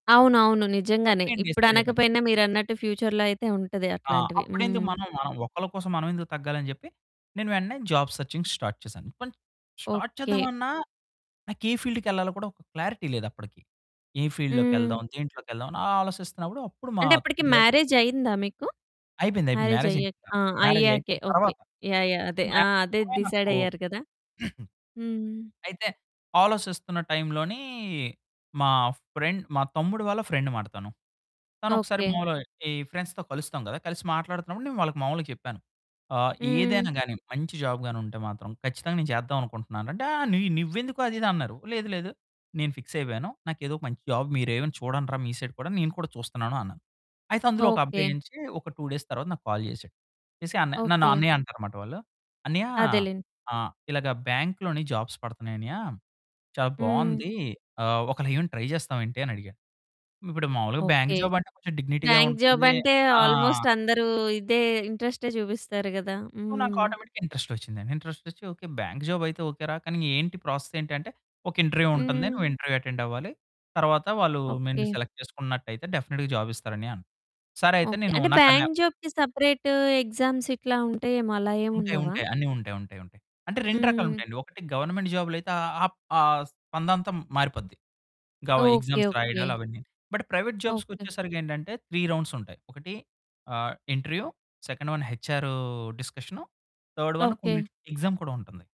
అవును. అవును. సో నిజంగానే నేను ఇప్పుడు డిసైడ్ అయిపోయాను. అనకపోయినా మీరు అన్నట్టు ఫ్యూచర్‌లో అయితే ఉంటది ఆ! అట్లాంటివి. అప్పుడెందుకు హ్మ్. మనం మనం ఒకళ్ళ కోసం మనం ఎందుకు తగ్గాలి అని చెప్పి. నేను వెంటనే జాబ్ సెర్చింగ్ స్టార్ట్ చేశాను. కొన్ని స్టార్ట్ ఓకే. చేద్దామన్నా నాకు ఏ ఫీల్డ్‌కెళ్ళాలో కూడా ఒక క్లారిటీ లేదప్పటికి. ఏ ఫీల్డ్ హ్మ్. లోకెళ్దాం. దేంట్లోకెళ్దాం అని ఆలోసిస్తున్నప్పుడు. అప్పుడు మా అంటే అప్పటికి బ్రే మ్యారేజ్ అయిందా మీకు? అయిపోయింది, అయిపోయింది. మ్యారేజ్ మ్యారేజ్ అయ్యాక. అయిపోయింది ఆ! నాకు. మ్యారేజ్ అయ్యాకే అయిపోయిన ఓకే. తరువాత. యాహ్! యాహ్! అంటే అదే. ఆ! మ్యారేజ్ అదే. ముందరే డిసైడ్ అనుకో. అయ్యారు కదా! హ్మ్. అయితే ఆలోచిస్తున్నటైంలోని మా ఫ్రెండ్ మా తమ్ముడు వాళ్ళ ఫ్రెండ్ అమాట తను తను ఒకసారి ఓకే. మామూలుగా ఈ ఫ్రెండ్స్‌తో కలుస్తాం కదా! కలిసి మాట్లాడుతున్నప్పుడు నేను వాళ్ళకి మామూలుగా చెప్పాను. ఆహ్, హ్మ్. ఏదైనా గాని మంచి జాబ్ గాని ఉంటే మాత్రం ఖచ్చితంగా నేను చేద్దాం అనుకుంటున్నాను రా అంటే ఆ నీ నువ్వెందుకు అది ఇది అన్నారు. లేదు లేదు నేను ఫిక్స్ అయిపోయాను. నాకు ఏదో మంచి జాబ్ మీరు ఏమైనా చూడండి రా మీ సైడ్ కూడా. నేను కూడా చూస్తున్నాను అన్నాను. అయితే అందులో ఒక అబ్బాయి ఓకే. నుంచి ఒక 2 డేస్ తర్వాత నాకు కాల్ చేసాడు. చేసి అన్నయ్య నన్ను ఓకే. అన్నయ్య అంటారు అన్నమాట వాళ్ళు. అన్నయ్య అదేలేండి. ఆహ్, ఇలాగ బ్యాంక్‌లోని జాబ్స్ పడతన్నాయి అన్నయ్య చాలా హ్మ్. బావుంది. ఆహ్, ఒకేళ ఏమైనా ట్రై చేస్తావా ఏంటి అని అడిగాడు. ఇప్పుడు మాములుగా బ్యాంక్ ఓకే. జాబ్ అంటే కొంచెం డిగ్నిటీ‌గా బ్యాంక్ ఉంటుంది. జాబంటే ఆ! ఆల్మోస్ట్ అందరూ ఇదే ఇంట్రెస్టే చూపిస్తారు కదా! సో నాకు హ్మ్. ఆటోమేటిక్‌గా ఇంట్రెస్ట్ వచ్చిందండి. ఇంట్రెస్ట్ వచ్చి. ఓకే. బ్యాంక్ జాబ్ అయితే ఓకే. రా కానీ ఏంటి ప్రాసెస్ ఏంటి అంటే. ఒక ఇంటర్వ్యూ ఉంటుంది. హ్మ్. నువ్వు ఇంటర్వ్యూ అటెండ్ అవ్వాలి. తరువాత వాళ్ళు నిన్ను ఓకే. సెలెక్ట్ చేసుకున్నట్టయితే డెఫినిట్‌గా జాబ్ ఇస్తారు అన్నయ్య అన్నాడు. సరే అయితే ఓకే. నేను అంటే నాకన్నా బ్యాంక్ జాబ్‌కి సెపరేటు ఎగ్జామ్స్ ఇట్లా ఉంటాయేమో అలా ఏమి ఉంటాయి, ఉండవా? ఉంటాయి. అన్ని ఉంటాయి, ఉంటాయి, ఉంటాయి. అంటే 2 రకాలు హ్మ్. ఉంటాయండి ఒకటి గవర్నమెంట్ జాబ్‌లో అయితే ఆహ్, ఆ స్పందంత మారిపోద్ది. ఇంకా ఓకే. Exams okay. రాయడాలు అవన్నీని. బట్ ప్రైవేట్ జాబ్స్‌కి ఓకే. వచ్చేసరికి ఏంటంటే 3 రౌండ్స్ ఉంటాయి. ఒకటి ఆహ్, interview second one H R discussion, third one okay. కొన్ని ఎగ్జామ్ కూడా ఉంటుంది.